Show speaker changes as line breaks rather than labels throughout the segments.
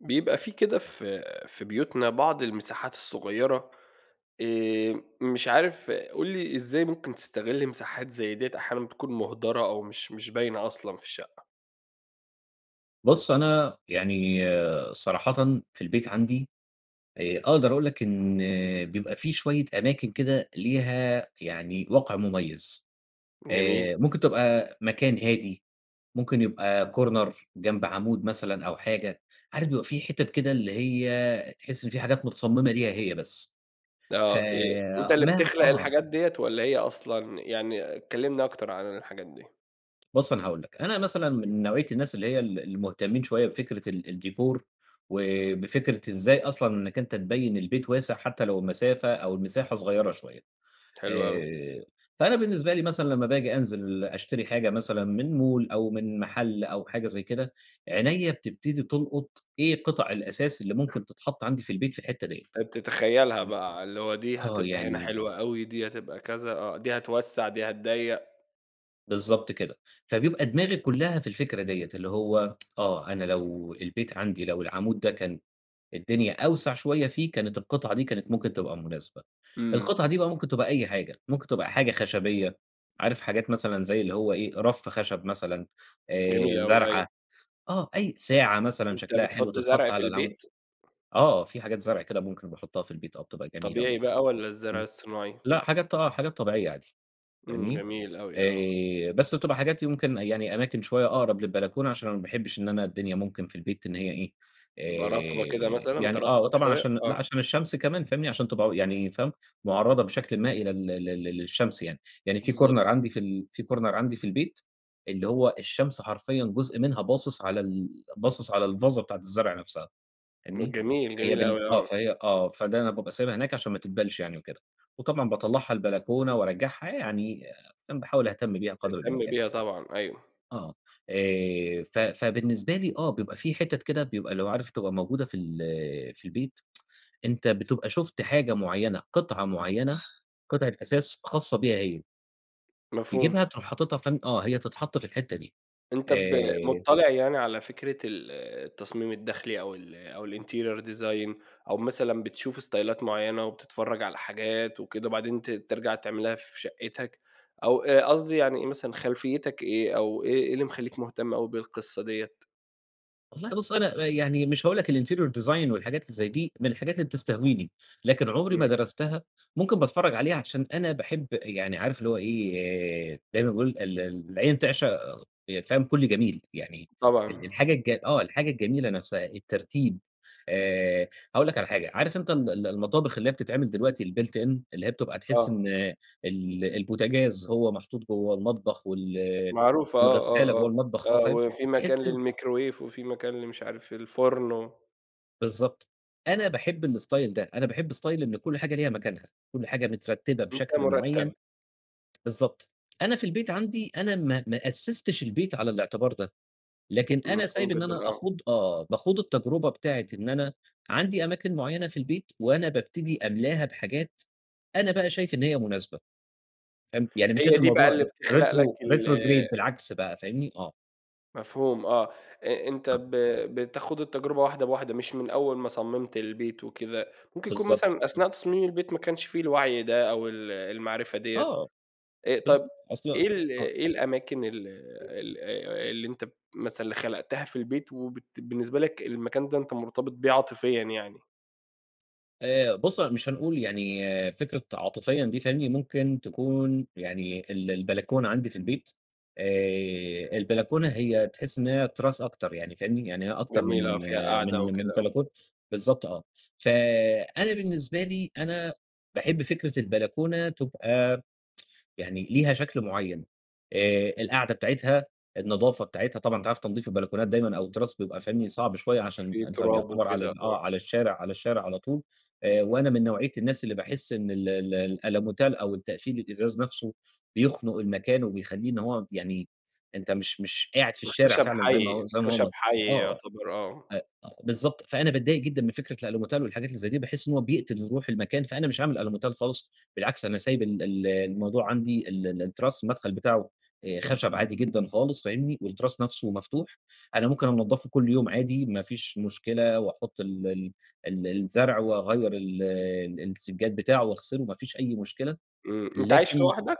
بيبقى في كده في في بيوتنا بعض المساحات الصغيرة، آآ، مش عارف قُل لي إزاي ممكن تستغلّ مساحات زي ديَّة أحيانًا بتكون مُهدرة أو مش مش باينة أصلًا في الشقة؟
بُصّ، أنا يعني صراحةً في البيت عندي آآ، أقدر أقول لك إن بيبقى في شوية أماكن كده ليها يعني وقع مميز،
جميل.
آآ، ممكن تبقى مكان هادي، ممكن يبقى Corner جنب عامود مثلًا أو حاجة، عارف بيبقى في حتت كده اللي هي تحس إن في حاجات متصمّمة ليها هي بس ف
آه، آآ، أنت اللي
ما
بتخلق
آه.
الحاجات ديَّة والَّا هي أصلًا يعني كلّمني أكتر عن الحاجات دي.
بُصّ، أنا هاقول لك، أنا مثلًا
امم.
من نوعية الناس اللي هي ال المهتمين شوية بفكرة ال الديكور وبفكرة إزاي أصلًا إنك أنت تبيّن البيت واسع حتى لو المسافة أو المساحة صغيرة شوية،
حلو أوي.
آآ، فأنا بالنسبة لي مثلًا لما باجي أنزل أشتري حاجة مثلًا من مول أو من محل أو حاجة زي كده، عينيَّا بتبتدي تُلقُط إيه قِطَع الأثاث اللي ممكن تتحط عندي في البيت في الحتة ديَّة،
فبتتخيلها
امم، [unintelligible]
بقى، اللي هو دي
آه
هتبقى هنا
يعني
حلوة أوي دي هتبقى كذا آه، دي هتوسّع دي هتضّيق.
بالضبط كده، فبيبقى دماغي كُلّها في الفكرة ديّة، اللي هو آه، أنا لو البيت عندي لو العمود ده كان الدنيا أوسع شويَّة فيه، كانت القطعة دي كانت ممكن تبقى مُناسبة،
إمم.
القطعة دي بقى ممكن تبقى أي حاجة، ممكن تبقى حاجة خشبيَّة، عارف حاجات مثلًا زي اللي هو إيه رف خشب مثلًا،
جميل
آآ
أوي، أيوه.
زرعة آه، أي ساعة مثلًا
أنت
شكلها حلو
بتحُط
تِتحطّ
زرع في
على العمو
البيت؟
آه، في حاجات زرع كده ممكن أبقى أحُطَّها في البيت آه، بتبقى جميلة
طبيعي
برضو،
بقى والّا الزَّرع
امم
الصناعي؟
لأ، حاجات آه حاجات طبيعيَّة عادي،
إمم،
فاهمني؟
جميل أوي آه.
آآ بس بتبقى حاجات يمكن يعني أماكن شوية أقرب للبلكونة، عشان أنا ما باحبش إن أنا الدنيا ممكن في البيت إن هي إيه
تبقى رطبة كده
آآ
مثلًا،
يعني آه،
ترطّب
وطبعًا
شوية
عشان لأ
آه.
عشان الشَّمس كمان، فاهمني؟ عشان تبقى، يعني فاهم، مُعرَّضة بشكلٍ ما إلى ال ال لل للشَّمس يعني، يعني في Corner
بالضبط.
عندي في ال في Corner عندي في البيت، اللي هو الشَّمس حرفيًّا جُزء منها باصص على ال باصص على الفازة بتاعة الزَّرع نفسها، فاهمني؟
جميل،
فهي
جميل
بالن
أوي،
آه،
آه.
فهي آه، فده أنا بابقى سايبها هناك عشان ما تدبلش يعني وكده، وطبعًا باطّلعها البلكونة وأرجّعها يعني، فاهم، باحاول أهتم بيها قدر
تهتم
الإمكان.
بيها طبعًا، أيوه.
آه، آآ ف فبالنسبة لي آه، بيبقى في حِتت كده بيبقى اللي هو عارف تبقى موجودة في ال في البيت أنت بتبقى شُفت حاجة مُعيَّنة، قطعة مُعيَّنة، قطعة أثاث خاصَّة بيها هي.
مفهوم.
تجيبها تروح حاططها فين؟ آه، هي تتحط في الحتة دي.
أنت ب
آآ
مطّلع يعني على فكرة ال التصميم الداخلي أو ال أو الinterior design أو مثلًا بتشوف استايلات معيّنة، وبتتفرّج على حاجات وكده وبعدين ت ترجع تعملها في شقِّتك، أو أ قصدي يعني مثلًا خلفيّتك إيه، أو إيه إيه اللي مخلّيك مهتم أوي بالقصّة ديّة؟
والله بُص أنا يعني مش هاقول لك الinterior design والحاجات اللي زي دي، من الحاجات اللي بتستهويني، لكن عمري ما
إمم.
درستها، ممكن باتفرّج عليها عشان أنا باحب يعني عارف اللي هو إيه، زي ما باقول ال العين تعشق يع فاهم كلّ جميل، يعني ال
طبعًا.
الحاجة الج آه، الحاجة الجميلة نفْسها الترتيب. آآ هاقول لك على حاجة، عارف أنت ال ال المطابخ اللي هي بتتعمل دلوقتي الbuilt in اللي هي بتبقى تحس
آه.
إن ال البوتجاز، هو محطوط جوّه المطبخ وال
معروفة آه،
والغسالة
آه،
جوّه
آه،
المطبخ، آه،
آه
فاهم؟
وفي مكان
تحس إن
للميكروويف، وفي مكان لمش عارف الفرن و
بالضبط. أنا باحب الإستايل ده، أنا باحب إستايل إن كلّ حاجة ليها مكانها، كلّ حاجة مترتبة
مكان
بشكل معيّن،
مرتّب.
بالضبط، أنا في البيت عندي أنا ما ما أسّستش البيت على الاعتبار ده، لكن أنا
مفهوم
سايب إن
جدًا،
أنا
آه.
أخوض آه، باخوض التجربة بتاعة إن أنا عندي أماكن معيّنة في البيت، وأنا بابتدي أملاها بحاجات أنا بقى شايف إن هي مناسبة، فاهم؟ يعني
هي
مشّيت
دي بقى
الموضوع
اللي
ر
بتخلق لك
retro
ال
retrograde بالعكس بقى، فاهمني؟ آه.
مفهوم آه، أ أنت ب
[unintelligible]
بتخوض التجربة واحدة بواحدة، مش من أوّل ما صمّمت البيت وكده، ممكن يكون
بالضبط،
مثلًا
بالضبط.
أثناء تصميم البيت ما كانش في الوعي ده، أو ال المعرفة دِيَّة،
آه،
آآ، طب
بالضبط أصل
إيه ال
آه.
إيه الأماكن ال أ ال آآ، اللي أنت مثلًا اللي خلقتها في البيت، وبت بالنسبة لك المكان ده أنت مرتبط بيه عاطفيًّا يعني؟
آآ، بُصّ، مش هنقول يعني فكرة عاطفيًا دي، فاهمني، ممكن تكون يعني ال البلكونة عندي في البيت آآ، البلكونة هي تحس إن هي تراس أكتر يعني، فاهمني، يعني هي أكتر
جميلة آه،
من
فيها قعدة
من من
وكده، آه.
بلكونة بالضبط آه، ف أنا بالنسبة لي أنا باحب فكرة البلكونة تبقى يعني ليها شكل معيّن، آآ، القعدة بتاعتها، النضافة بتاعتها، طبعًا أنت عارف تنضيف البلكونات دايمًا أو التراس بيبقى فني صعب شويّة، عشان
في
أنت
تراب
يُعتبر على
وكده،
ال آه،
آه.
على الشارع على الشارع على طول، آآ، وأنا من نوعية الناس اللي باحس إن ال ال الألوميتال أو التقفيل الإزاز نفسه بيخنق المكان، وبيخليه إن هو يعني أنت مش مش قاعد في الشارع
والخشب
فعلًا زي
حي،
ما زي ما
الخشب
هو
حي
آه،
يُعتبر، آه.
آه، أ بالضبط، فأنا باتضايق جدًا من فكرة الألوميتال والحاجات اللي زي دي، باحس إن هو بيقتل روح المكان، فأنا مش عامل ألوميتال خالص، بالعكس أنا سايب ال ال الموضوع عندي، ال ال التراس المدخل بتاعه آآ، خشب عادي جدًا خالص فاهمني، والتراس نفسه مفتوح، أنا ممكن أنضّفه كل يوم عادي، ما فيش مشكلة، وأحط ال ال ال الزرع، وأغيّر ال ال السجّاد بتاعه، وأغسله، ما فيش أي مشكلة،
إمم، أنت عايش
لكن
لوحدك؟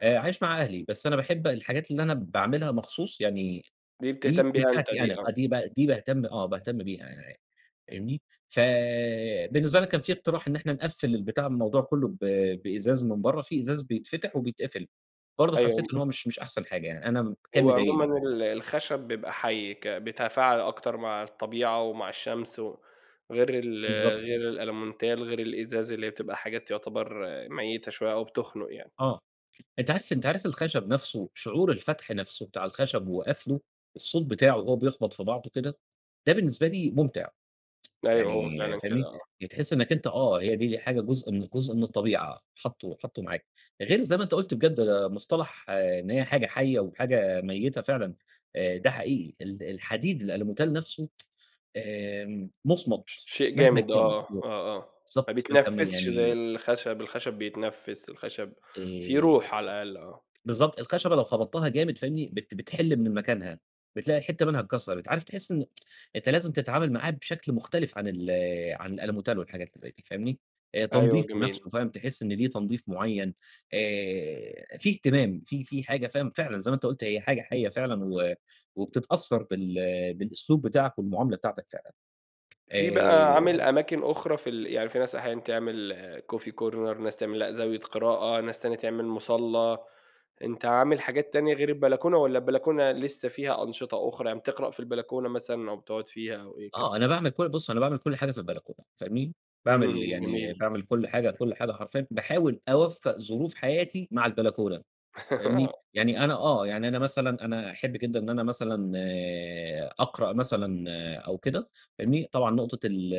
آآ عايش مع أهلي، بس أنا باحب الحاجات اللي أنا باعملها مخصوص، يعني
دي
دي
بتهتم
دي
بيها أنت
بتاعتي أنا،
دي، آه.
فدي ب دي باهتم آه، باهتم بيها [unintelligible] فاهمني؟ فبالنسبة لك كان في اقتراح إن إحنا نقفّل البتاع الموضوع كُلُّه ب بإزاز من بَرَّه، في إزاز بيتفتح وبيتقفل، برضه حسيت
[unintelligible]
إن هو مش مش أحسن حاجة يعني، أنا م كان
هو عمومًا
مضايقني.
ال الخشب بيبقى حي، ك بيتفاعل أكتر مع الطبيعة ومع الشمس، و غير ال
بالضبط.
غير الالمونتال، غير الإزاز اللي هي بتبقى حاجات يعتبر ميتة شوية أو بتخنق يعني.
آه، أنت عارف أنت عارف الخشب نفسُه شعور الفتح نفسه بتاع الخشب وقفله، الصوت بتاعه وهو بيخبط في بعضه كده، ده بالنسبة لي مُمتع،
أيوه هو
يعني
فعلًا كده،
فاهمني؟
آه.
يعني تحس إنك أنت آه، هي دي حاجة جُزء من جُزء من الطبيعة، حطه حطه معاك، غير زي ما أنت قُلت بجد ده مصطلح إن هي حاجة حية وحاجة ميتة فعلًا، آآ ده حقيقي ال الحديد، الألموتال نفسه آمم
ش
مُصمت
شيء
مهما
جامد
كان
آه،
[unintelligible]
آه، آه، ما
بالضبط ما أنت ما
بيتنفسش زي
يعني
الخشب، الخشب بيتنفس، الخشب فيه
آآ
روح على الأقل، آه.
بالضبط، الخشبة لو خبطتها جامد فاهمني؟ بت بتحل من مكانها بتلاقي حتة منها اتكسرت، عارف تحس إن أنت لازم تتعامل معاه بشكل مُختلف عن ال عن الألموتال والحاجات اللي زي دي، فاهمني؟ آآ
أيوه،
تنضيفه
جميل.
نفسه فاهم تحس إن ليه تنضيف مُعين، آآ في اهتمام في في حاجة فاهم فعلًا، زي ما أنت قُلت هي حاجة حية فعلًا، و وبتتأثر بال بالأسلوب بتاعك والمُعاملة بتاعتك فعلًا،
في بقى عامل
آآ
أماكن أخرى في ال يعني في ناس أحيانًا تعمل Coffee Corner ناس تعمل لأ، زاوية قراءة، ناس تانية تعمل مُصلّى، أنت عامل حاجات تانية غير البلكونة، والّا البلكونة لسه فيها أنشطة أُخرى، يعني بتقرأ في البلكونة مثلًا أو بتقعد فيها أو إيه
آه،
كمان؟
أنا باعمل كـُ بُص أنا باعمل كل حاجة في البلكونة، فاهمني؟
إمم،
باعمل
إمم،
يعني
جميل.
باعمل كل حاجة، كل حاجة حرفيًا، باحاول أوفق ظروف حياتي مع البلكونة، فاهمني؟
آه.
يعني أنا آه، يعني أنا مثلًا أنا أحب جدًا إن أنا مثلًا آآ أقرأ مثلًا أو كده، فاهمني. طبعًا نُقطة ال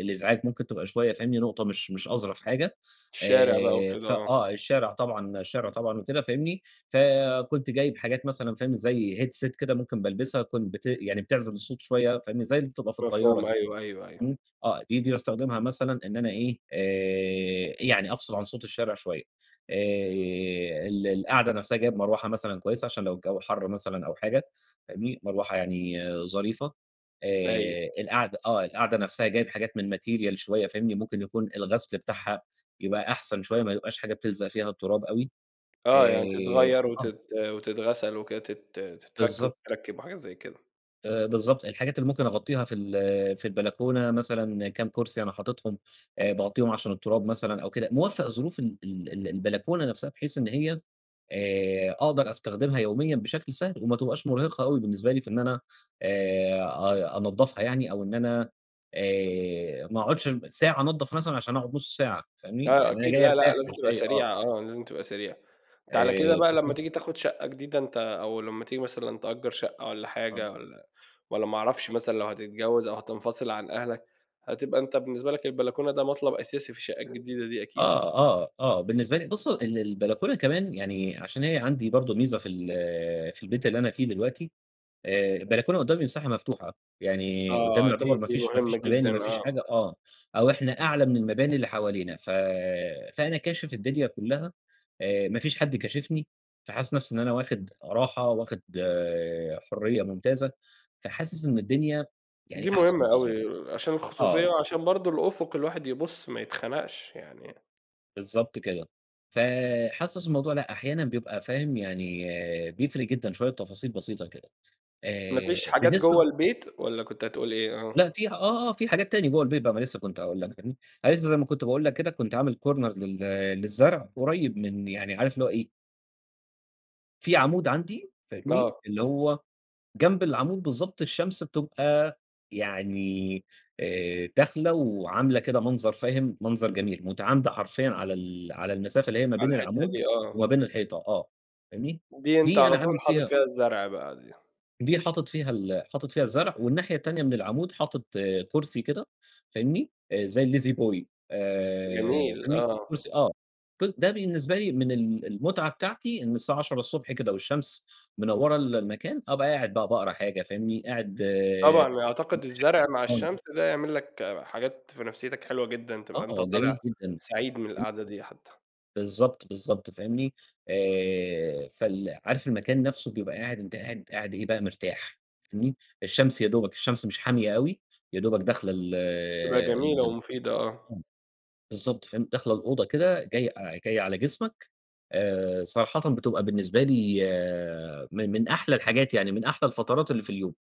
الإزعاج ممكن تبقى شوية فاهمني، نُقطة مش مش أظرف حاجة.
الشارع بقى
آآ
وكده،
ف
آه.
آه الشارع طبعًا الشارع طبعًا وكده فاهمني. فكُنت جايب حاجات مثلًا فاهم، زي Headset كده ممكن بالبسها كن بت يعني بتعزل الصوت شوية فاهمني. زي اللي بتبقى في الطيارة
مفهوم،
كده.
أيوه، أيوه، أيوه.
إمم، آه، دي دي باستخدمها مثلًا إن أنا إيه آآ يعني أفصل عن صوت الشارع شوية، آآ ال القعدة نفسها جايب مروحة مثلًا كويسة، عشان لو الجو حر مثلًا أو حاجة فاهمني. مروحة يعني ظريفة،
أيوه.
آآ القعدة آه، القعدة نفسها جايب حاجات من Material شوية فاهمني. ممكن يكون الغسل بتاعها يبقى أحسن شوية، ما يبقاش حاجة بتلزق فيها التراب أوي،
آه، يعني
آآ
تتغير
آه.
وتت وتتغسل وكده، تت تتفك
بالضبط.
وتتركب وحاجات زي كده.
آآ، بالضبط، الحاجات اللي ممكن أغطيها في ال في البلكونة مثلًا كام كرسي أنا حاطِطهم، آآ باغطيهم عشان التراب مثلًا أو كده، موفّق ظروف ال ال ال البلكونة نفسها بحيث إن هي آآ، أقدر أستخدمها يوميّا بشكل سهل، وما تبقاش مرهقة أوي بالنسبة لي في إن أنا آآ، أ أنضّفها يعني، أو إن أنا آآ، ما أقعدش ساعة أنضّف مثلًا عشان أقعد نص ساعة، فاهمني،
آه
يعني أنا
أكيد،
جاي
لا، لأ،
أرتاح
لازم
مش
تبقى
جاي آه.
سريعة، آه لازم تبقى سريعة، أنت على كده
آآ،
بقى لمّا
بالضبط.
تيجي تاخد شقّة جديدة أنت أو لمّا تيجي مثلًا تأجّر شقّة والَّا
[unintelligible]
حاجة، والَّا والَّا ما اعرفش، مثلًا لو هتتجوّز أو هتنفصل عن أهلك، هتبقى أنت بالنسبة لك البلكونة ده مطلب أساسي في الشقّة الجديدة دي أكيد.
آه، آه، آه، بالنسبة لي بُصّ ال البلكونة كمان يعني عشان هي عندي برضه ميزة في ال في البيت اللي أنا فيه دلوقتي آآ، البلكونة قدّامي مساحة مفتوحة، يعني قدّامي
آه، دي
يعتبر ما
دي
فيش ما
مهمّة
فيش مباني
جدًا،
ما فيش
آه.
حاجة آه، أو إحنا أعلى من المباني اللي حوالينا ف فأنا كاشف الدنيا كلّها آآ، ما فيش حد كاشفني، فحاسس نفسي إن أنا واخد راحة، واخد حريّة ممتازة، فحاسس إن الدنيا
دي
يعني أحسن
مهمّة
وأظرف،
أوي عشان الخصوصيّة،
آه.
وعشان برضه الأُفُق الواحد يبُصّ ما يتخنقش يعني.
بالضبط كده، فحاسس الموضوع لأ أحيانًا بيبقى فاهم يعني بيفرق جدًا شويّة تفاصيل بسيطة كده،
ما فيش
آآ
حاجات جوّه
بالنسبة
البيت، والَّا كنت هتقول إيه؟ آه.
لأ فيها آه، آه في حاجات تانية جوّه البيت ما لسّه كنت هأقول لك فاهمني، أنا لسّه زي ما كنت باقول لك كده كنت عامل corner لل للزرع قريّب من يعني عارف اللي هو إيه في عامود عندي فاهمني،
آه.
اللي هو جنب العامود بالضبط الشمس بتبقى يعني آآ، داخلة وعاملة كده منظر فاهم، منظر جميل، متعامدة حرفيًا على ال على المسافة اللي هي ما
على
بين
الحتة
العامود
دي، آه.
وما بين الحيطة آه فاهمني،
دي أنت
دي
على
أنا عامل
طول حاطت
فيها
فيها الزرع بقى دي.
دي حاطت فيها ال حاطت فيها الزرع، والناحية التانية من العامود حاطت كرسي كده فاهمني، زي الLazyboy آآ،
جميل،
فاهمني،
آه.
كرسي آه، ده بالنسبة لي من ال المتعة بتاعتي إن الساعة 10:00 ص الصبح كده والشمس منوّرة المكان أبقى قاعد بقى باقرا حاجة فاهمني، قاعد آآ،
طبعًا، أعتقد
مشغّل
الزرع مع
قرآن.
الشمس ده يعمل لك حاجات في نفسيتك حلوة جدًا، تبقى أنت
آه،
طالع
جميل جدًا،
سعيد من
جمي
القعدة دي حتّى.
بالضبط، بالضبط، فاهمني؟ آآ، فال عارف المكان نفْسه بيبقى قاعد، أنتَ قاعد قاعد إيه بقى مرتاح، فاهمني؟ الشمس يادوبك، الشمس مش حامية أوي، يادوبك داخلة ال
تبقى جميلة
ال
ومفيدة آه.
بالضبط، فاهم. داخلة الأوضة كده، جاي أ جاية على جسمك، آآ صراحةً بتبقى بالنسبة لي من من أحلى الحاجات يعني، من أحلى الفترات اللي في اليوم،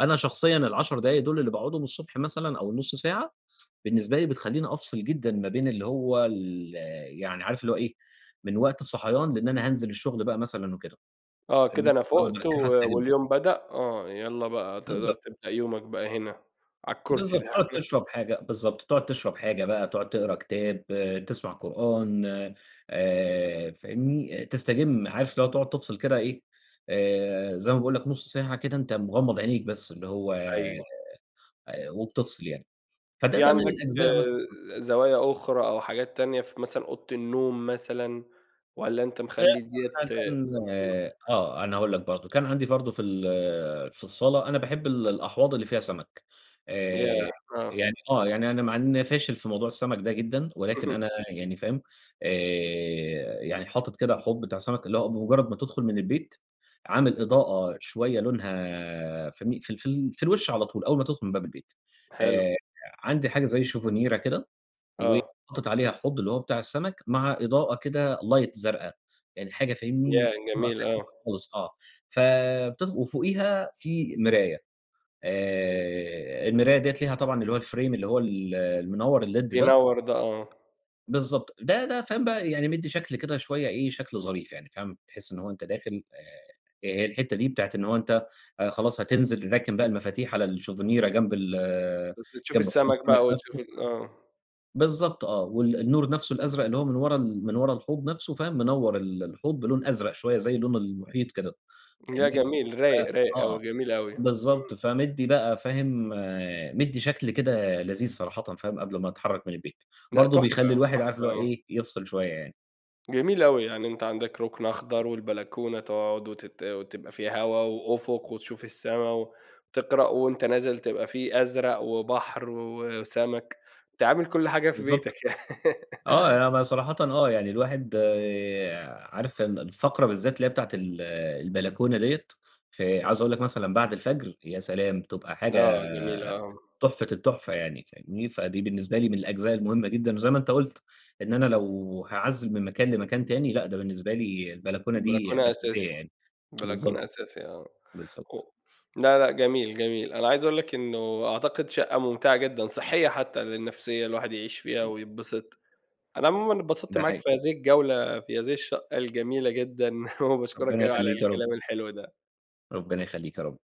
أنا شخصيًا ال10 دوُل اللي باقعدهم الصبح مثلًا أو النُص ساعة، بالنسبة لي بتخلّيني أفصل جدًا ما بين اللي هو ال يعني عارف اللي هو إيه، من وقت الصحيان، لإن أنا هانزل الشغل بقى مثلًا وكده،
آه، كده
فاهمني؟
أنا
آه،
فُقت
ده
و
كده هاستجم.
واليوم بدأ، آه يلّا بقى تقدر
بالضبط.
تبدأ يومك بقى هنا، على الكرسي
بالضبط،
ده.
تقعد تشرب حاجة، بالضبط، تقعد تشرب حاجة بقى، تقعد تقرا كتاب، تسمع قرآن آآ، فاهمني؟ تستجم عارف اللي هو تقعد تفصل كده إيه، آآ، زي ما باقول لك نُص ساعة كده، أنتَ مغمّض عينيك بس، اللي هو
أيوه.
آآ وبتفصل يعني، فده
في
ده من
عندك
الأجزاء مثلًا.
زوايا أخرى أو حاجات تانية ف مثلًا أوضة النوم مثلًا، والّا أنتَ مخلّي دِيَّة
[unintelligible]
امم.
آه، أنا هاقول لك برضو، كان عندي برضو في ال في الصالة، أنا باحب ال الأحواض اللي فيها سَمَك،
ياه!
آآ
آه.
يعني آه، يعني أنا مع إنّي أنا فاشل في موضوع السَمَك ده جدًا، ولكن أنا يعني فاهم؟ آآ، يعني حاطط كده حوض بتاع سَمَك، اللي هو بمُجرّد ما تدخل من البيت، عامل إضاءة شويّة لونها فاهمني، في ال في ال في الوش على طول، أوّل ما تدخل من باب البيت،
حلو.
آآ، عندي حاجة زي شوفنيرا كده،
آه.
وحاطيت عليها حوض اللي هو بتاع السَمَك، مع إضاءة كده لايت زرقا، يعني حاجة
ياه!
فاهمني، إضاءة
جميل، آه.
خفيفة خالص آه، ف بت وفوقيها في مراية، آآ المراية ديّة ليها طبعًا اللي هو الFrame اللي هو ال المنوّر الليد ده
بينوّر ده آه.
بالضبط، ده ده فاهم بقى يعني مدي شكل كده شويّة إيه شكل ظريف يعني فاهم، تحس إن هو أنتَ داخل، آآ، هي الحتّة دي بتاعة إن هو أنتَ خلاص هتنزل، راكن بقى المفاتيح على الشوفنيرا جنب ال
بس تشوف
جنب حوض
السَمَك
السَمَك
بقى وتشوف
نفْسه
ال آه.
بالضبط، آه، وال النور نفْسه الأزرق اللي هو من ورا ال من ورا الحوض نفْسه، فاهم منوّر ال الحوض بلون أزرق شويّة زي لون المحيط كده،
لأ
فاهمني،
جميل
ف
رايق، رايق
آه،
أوي، جميل أوي.
بالضبط، فمِدّي بقى فاهم، مِدّي شكل كده لذيذ صراحةً، فاهم، قبل ما أتحرّك من البيت،
لأ
برضو
تحفة،
بيخلّي الواحد عارف
تحفة
اللي هو
آه.
إيه يفصل شويّة يعني.
جميل أوي، يعني أنتَ عندك رُكن أخضر، والبلكونة تقعد وتت وتبقى فيها هوا وأفق وتشوف السَّما وتقرأ، وأنتَ نازل تبقى في أزرق وبحر وسَمَك، أنتَ عامل كلّ حاجة في بيتك
بالضبط، آه.
يعني.
آه يع أنا ب صراحةً آه يعني الواحد آآ عارف ال الفقرة بالذات اللي هي بتاعة ال البلكونة ديّة، فعايز أقول لك مثلًا بعد الفجر يا سلام! تبقى حاجة
آه، جميل آه.
تحفة التحفة يعني، فاهمني؟ فدي بالنسبة لي من الأجزاء المهمّة جدًا. وزي ما أنتَ قُلت، إن أنا لو هاعزِّل من مكان لمكان تاني، لأ ده بالنسبة لي البلكونة دي
بلكونة أساسي،
أساسية يعني،
بلكونة
بالضبط،
أساسي آه، هُ
بالضبط.
لا لأ، جميل، جميل، أنا عايز أقول لك إنّه أعتقد شقّة ممتعة جدًا صحية حتّى للنفسية الواحد يعيش فيها
إمم
ويتبسط، أنا عمومًا اتبسطت
ده
معاك
حقيقي.
في هذه الجولة، في هذه الشقّة الجميلة جدًا وباشكرك
ربنا
أوي على
يخلّيك يا رب.
الكلام الحلو ده.
ربنا يخلّيك يا رب.